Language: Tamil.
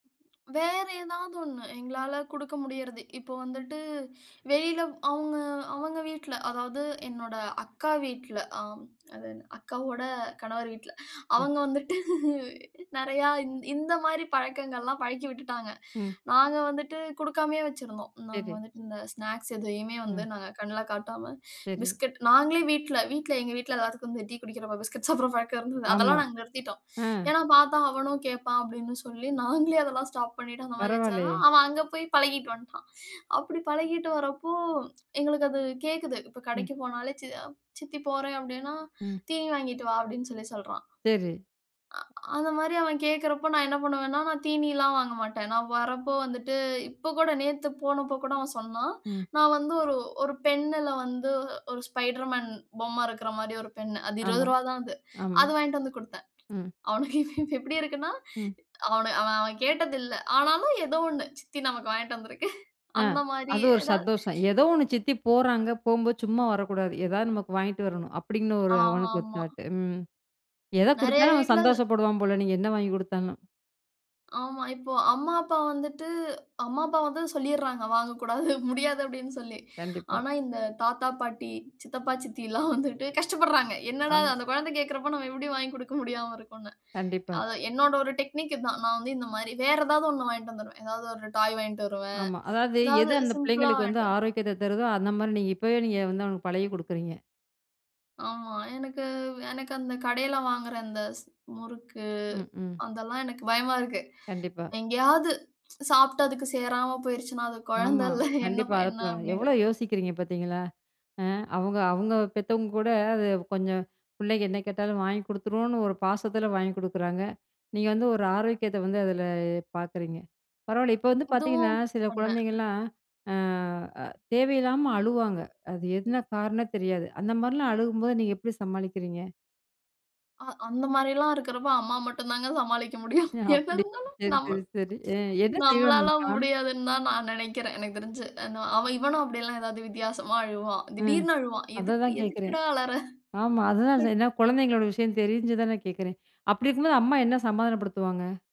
வேற ஏதாவது 1, எங்களால குடுக்க முடியிறது. இப்போ வந்துட்டு வெளியில அவங்க அவங்க வீட்ல, அதாவது என்னோட அக்கா வீட்ல, ஆ அது அக்காவோட கணவர் வீட்ல, சரி. அவங்க வந்துட்டு நெறையா இந்த மாதிரி பழக்கங்கள்லாம் பழக்கி விட்டுட்டாங்க. ம். நாங்க வந்துட்டு குடுக்காமயே வச்சுருந்தோம். நாங்க சரி. வந்துட்டு இந்த ஸ்நாக்ஸ் எதையுமே வந்து, ம். நாங்க கண்ல காட்டாம சரி. பிஸ்கட் நாங்களே வீட்ல-வீட்ல எங்க வீட்ல எல்லாருக்கும் டீ குடிக்கிற பிஸ்கட்ஸ் சாப்புட்ற பழக்கம் இருந்தது. ஆமா. அதெல்லாம் நாங்க நிறுத்திட்டோம். ஆ. ஏனா, "பார்த்தா அவனும் கேட்பான்" அப்படின்னு சொல்லி நாங்களே அதெல்லாம் ஸ்டாப் பண்ணிட்டு அந்த மாரி வெச்சா பரவாயில்லயே. தான் அவன் அங்க போய் பழகீட்டு வந்துட்டான். அப்டி பழகீட்டு வர்றப்போ எங்களுக்கு அது கேக்குது. இப்போ ம். கடைக்கு போனாலே, சி "சித்தி போறேன்" அப்படீன்னா, ம். "தீனி வாங்கிட்டு வா" அப்படின்னு சொல்லி சொல்றான். சரி. ஆ அந்த மாரி அவன் கேட்கறப்போ, நான் என்ன பண்ணுவேன்னா, நான் தீனில்லாம் வாங்க மாட்டேன். நான் வர்றப்போ வந்துட்டு இப்ப கூட நேத்து போனபோ கூட அவன் சொன்னான். ம். நான் வந்து ஒரு ஒரு பென்னுல வந்து ஒரு ஸ்பைடர் மேன் பொம்ம இருக்கிற மாரி ஒரு பென். அது இருபது ஆமா, ரூபாய் தான் அது. ஆமா. அது வாங்கிட்டு வந்து குடுத்தேன். ம். அவனுக்கு எப்படி இருக்குன்னா, ம். அவன அவன் கேட்டது இல்ல. ஆனாலும் ஏதோ 1 சித்தி நமக்கு வாங்கிட்டு வந்திருக்கு ஆ அந்த மாரி அது ஒரு ஏதாவது சந்தோஷம். "ஏதோ 1 சித்தி போறாங்க. போகும்போது, சும்மா வரக்கூடாது எதா நமக்கு வாங்கிட்டு வரணும்" அப்படின்னு ஒரு ஆ அவனுக்கு ஒரு ஆமா. தாட். ம் எத நெறைய குடுத்தாலும் அவன் வீட்ல அது சந்தோஷப்படுவான் போல, நீங்க என்ன வாங்கிக் குடுத்தாலும். ஆமா, இப்போ அம்மா, அப்பா வந்துட்டு அம்மா, அப்பா வந்து சொல்லிட்றாங்க "வாங்கக்கூடாது, முடியாது" அப்படின்னு சொல்லி. கண்டிப்பா. ஆனா, இந்த தாத்தா, பாட்டி, சித்தப்பா, சித்தில்லாம் வந்துட்டு கஷ்டப்பட்றாங்க. "என்னடா, ஆமா. அந்த கொழந்தை கேட்கிறப்போ நம்ம எப்படி வாங்கிக் குடுக்க முடியாம இருக்கும்னு" கண்டிப்பா. அதான் என்னோட ஒரு டெக்னிக் இது தான். நான் வந்து இந்த மாரி வேற ஏதாவது 1 வாங்கிட்டு வந்துருவேன். ஏதாவது ஒரு டாய் வாங்கிட்டு வருவேன். ஆமா. அதாவது எது எதாவது அந்த சிம்பிள்ளா பிள்ளைங்களுக்கு வந்து வாங்கிட்டு ஆரோக்கியத்த தருதோ, அந்த மாரி நீங்க இப்பவே நீங்க வந்து, அவனுக்கு பழகி குடுக்குறீங்க. ஆமா. எனக்கு எனக்கு அந்த கடையில வாங்குற அந்த ஸ் முறுக்கு, ம்க்கும். அதெல்லாம் எனக்கு பயமா இருக்கு. கண்டிப்பா. எங்கெயாது சாப்பிட்டு அதுக்கு சேராம போயிருச்சுனா, அது ஆமா. கொழந்தல்ல என்ன ப கண்டிப்பா அத என்ன எவ்வளோ அப்படிங்கிற யோசிக்கிறீங்க பார்த்தீங்களா, ஆ அவங்க அவங்க பெத்தவங்க கூட அது கொஞ்சம் "பிள்ளைங்க என்ன கேட்டாலும் வாங்கிக் குடுத்துருவோம்"னு, ஒரு பாசத்தில வாங்கிக் குடுக்குறாங்க. நீங்க வந்து ஒரு ஆரோக்கியத்த வந்து அதில பார்க்குறீங்க. பரவாயில்ல, இப்போ வந்து பார்த்தீங்கன்னா, இதுவும் சில பண்ணேன். குழந்தைங்கள்லாம் ஆ தேவையில்லாம அழுவாங்க, அது என்ன காரணம்? தெரியாது. அந்த மாதிரிலாம் அழுகும்போது நீங்க எப்படி சமாளிக்கிறீங்க? அ அந்த மாரில்லாம் இருக்கிறப்போ அம்மா மட்டும் தாங்க சமாளிக்க முடியும். என்ன அப்பிடி. இருந்தாலும் சரி, சரி, நம்ம சரி. அ என்ன நம்மளால செய்வாங்கம்மா? முடியாதுன்னு தான் நான் நெனைக்கிறேன் எனக்கு தெரிஞ்சு. ந இவனும் அப்படில்லாம் ஏதாவது வித்தியாசமா அழுவான். ம். திடீர்னு அழுவான்."எதுக்கு? அததான் கேட்குறேன். எதுக்குடா அழற?" ஆமா, அததான் ட் ஏனா, குழந்தைங்களோட விஷயம் தெரிஞ்சுதா நான் கேட்குறேன். அப்படி இருக்கும்போது, அம்மா என்ன சமாதானப்படுத்துவாங்க?